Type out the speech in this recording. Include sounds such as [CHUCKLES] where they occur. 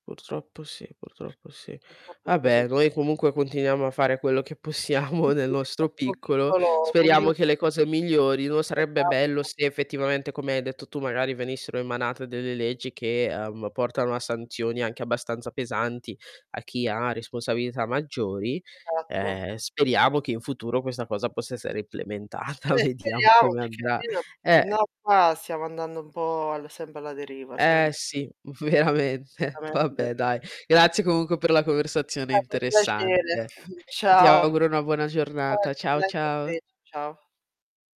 Purtroppo sì, purtroppo sì. Purtroppo è così. Vabbè, noi comunque continuiamo a fare quello che possiamo Si, nel si, nel nostro nostro piccolo, piccolo speriamo che le [UNINTELLIGIBLE] cose migliorino. Sarebbe bello Esatto. se, effettivamente, come hai detto tu, magari venissero emanate delle leggi, che, uhm, portano a sanzioni anche abbastanza pesanti, a chi ha responsabilità maggiori. Esatto. Ehm, speriamo che in futuro questa cosa possa essere implementata, Eh, vediamo speriamo come perché andrà, almeno se Eh no qua, stiamo andando un po' al sempre alla deriva, Eh, sempre. sì veramente, Veramente. vabbè dai, grazie comunque per la conversazione Stato un piacere, interessante. [CHUCKLES] Ti ciao. auguro una buona giornata. Ciao [UNINTELLIGIBLE] ciao. ciao ciao.